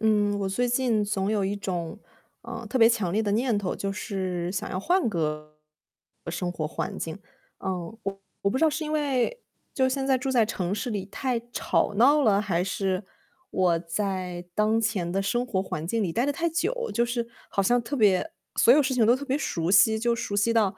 嗯，我最近总有一种，呃，特别强烈的念头，就是想要换个生活环境。呃，我我不知道是因为就现在住在城市里太吵闹了，还是我在当前的生活环境里待得太久，就是好像特别所有事情都特别熟悉，就熟悉到，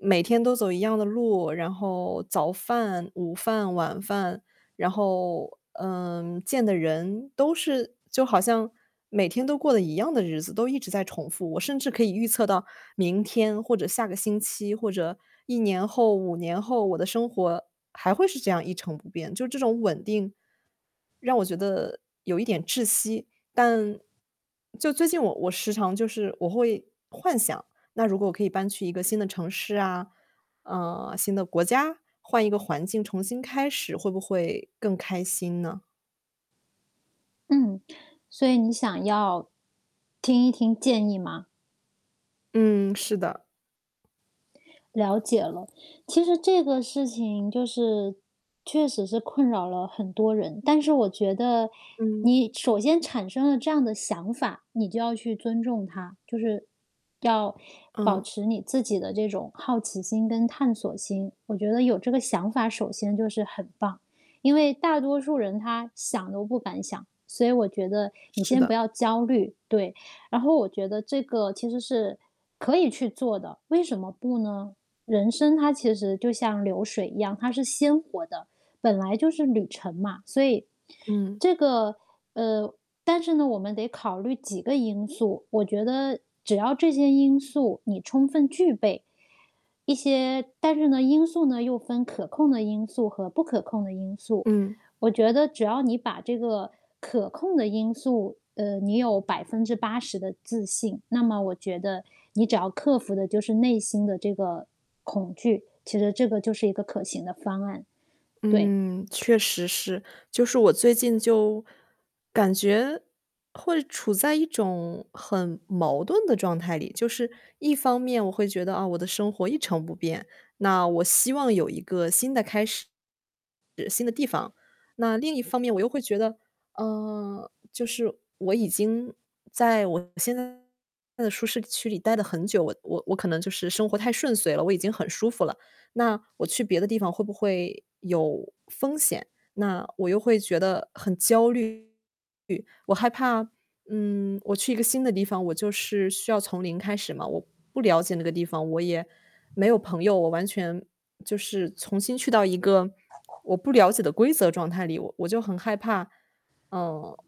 每天都走一样的路，然后早饭、午饭、晚饭。然后，嗯，见的人都是就好像每天都过得一样的日子，都一直在重复。我甚至可以预测到明天或者下个星期，或者1年后、5年后，我的生活还会是这样一成不变，就是这种稳定，让我觉得有一点窒息。但就最近我我时常就是我会幻想，那如果可以搬去一个新的城市啊，呃，新的国家，换一个环境重新开始，会不会更开心呢？嗯，所以你想要听一听建议吗？嗯，是的。了解了。其实这个事情就是，确实是困扰了很多人。但是我觉得嗯。你首先产生了这样的想法，你就要去尊重它，就是，要保嗯。持你自己的这种好奇心跟探索心。我觉得有这个想法，首先就是很棒，因为大多数人他想都不敢想，所以我觉得你是先的。不要焦虑，对。然后我觉得这个其实是可以去做的，为什么不呢？人生它其实就像流水一样，它是鲜活的，本来就是旅程嘛。所以，嗯。这个呃，但是呢，我们得考虑几个因素，我觉得只要这些因素你充分具备，一些但是呢因素呢，又分可控的因素和不可控的因素。嗯。我觉得只要你把这个可控的因素呃，你有80%的自信，那么我觉得，你只要克服的就是内心的这个恐惧，其实这个就是一个可行的方案。对。嗯，确实是。就是我最近就感觉，会处在一种很矛盾的状态里。就是一方面我会觉得，啊，我的生活一成不变，那我希望有一个新的开始，新的地方。那另一方面我又会觉得，啊，就是我已经在我现在的舒适区里待得很久，我我我可能就是生活太顺遂了，我已经很舒服了，那我去别的地方会不会有风险？那我又会觉得很焦虑。我害怕，嗯，我去一个新的地方，我就是需要从零开始嘛，我不了解那个地方，我也没有朋友。我完全就是重新去到一个我不了解的规则状态里，我我就很害怕。嗯。